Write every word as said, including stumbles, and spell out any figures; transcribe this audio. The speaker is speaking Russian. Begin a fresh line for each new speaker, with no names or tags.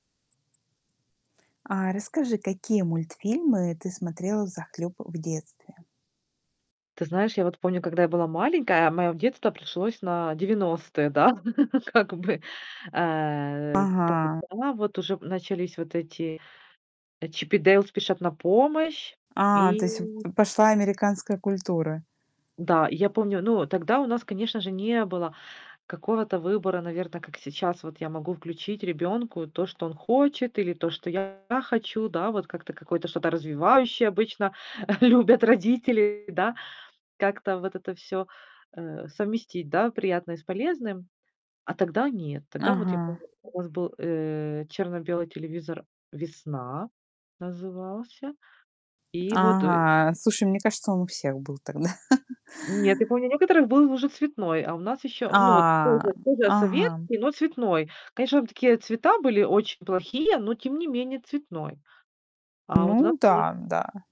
А расскажи, какие мультфильмы ты смотрела взахлеб в детстве?
Ты знаешь, я вот помню, когда я была маленькая, мое детство пришлось на девяностые, да, как бы. Э,
Ага.
тогда вот, уже, э, начались вот эти, э, "Чип и Дейл спешат на помощь".
А,
И
то есть в п пошла американская культура.
М-да, и я помню, ну, тогда у нас, конечно же, не было какого-то выбора, наверно, как сейчас. Вот я могу включить ребенку то, что он хочет или то, что я хочу, да? Вот как-то, какое-то, что-то развивающее, обычно, любят родители, да? Как-то, вот это всё, э, совместить, да, приятное с полезным. А тогда нет. Тогда вот, я
Ага.
помню, у нас был, э, черно-белый телевизор, "Весна" назывался. И вот, ой
Ага. Слушай, мне кажется, он у всех был тогда.
Нет, я помню, у некоторых был уже цветной. А у нас еще ну, вот
А,
тоже тоже
ага.
советский, но цветной. Конечно, там такие цвета были очень плохие, но, тем не менее, цветной. А вот у нас
Ну
был
да, да.